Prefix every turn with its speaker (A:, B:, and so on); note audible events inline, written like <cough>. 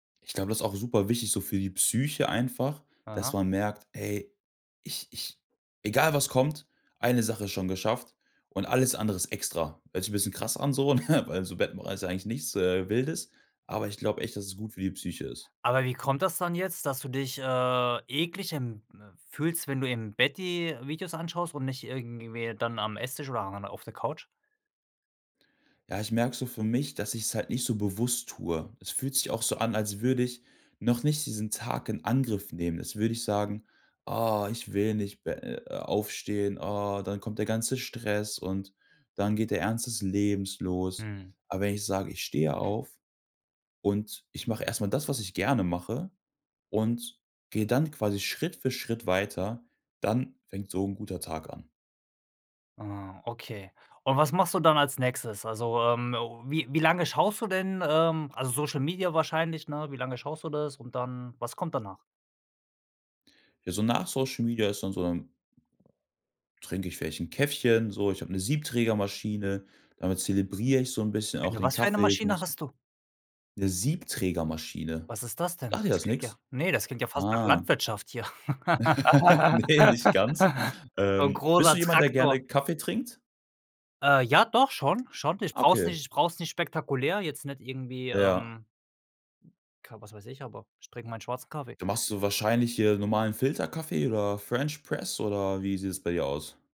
A: Ich glaube, das ist auch super wichtig so für die Psyche einfach, dass
B: Aha.
A: man merkt: „Ey, ich ich egal was kommt, eine Sache ist schon geschafft und alles andere ist extra.“ Hört sich bisschen krass an so, ne? Weil so Bettenbereich ist eigentlich nichts, äh, Wildes, aber ich glaub echt, dass es gut für die Psyche ist.
B: Aber wie kommt das dann jetzt, dass du dich, äh, ekelig im fühlst, wenn du im Bett die Videos anschaust und nicht irgendwie dann am Esstisch oder an der auf der Couch?
A: Ja, ich merke so für mich, dass ich's halt nicht so bewusst tue. Es fühlt sich auch so an, als würde ich noch nicht diesen Tag in Angriff nehmen. Als würde ich sagen: „Ah, ich will nicht be äh, äh, aufstehen, ah, dann kommt der ganze Stress und dann geht der Ernst des Lebens los.“
B: Mhm.
A: Aber wenn ich sage: „Ich stehe auf und ich mache erst mal das, was ich gerne mache.“ Und gehe dann quasi Schritt für Schritt weiter, dann fängt so 'n guter Tag an.
B: Ah, okay. Und was machst du dann als Nächstes? Also, ähm, wie wie lange schaust du denn, ähm, also, Social Media wahrscheinlich, ne? Wie lange schaust du das? Und dann, was kommt danach?
A: Ja, so nach Social Media ist dann so, dann trinke ich vielleicht 'n Käffchen, so. Ich habe 'ne Siebträgermaschine, damit zelebriere ich so 'n bisschen auch
B: Eine
A: den
B: was für eine
A: Kaffee. Ich
B: Maschine
A: musste
B: hast du?
A: 'Ne Siebträgermaschine.
B: Was ist das denn?
A: Sagt dir
B: Das
A: das
B: klingt ja
A: nix?
B: ne, das klingt ja fast nach
A: Ah.
B: Landwirtschaft hier.
A: <laughs> Ne, nicht ganz.
B: <laughs> So 'n
A: Ähm, bist du
B: großer
A: jemand, der gerne
B: Traktor.
A: Kaffee trinkt?
B: Äh, ja, doch, schon, schon. Ich brauch's
A: Okay.
B: nicht ich brauch's nicht spektakulär. Jetzt nicht irgendwie,
A: Ja.
B: ähm, Ka was weiß ich, aber ich trinke meinen schwarzen Kaffee.
A: Da machst du wahrscheinlich hier normalen Filterkaffee oder French Press oder wie sieht es bei dir aus?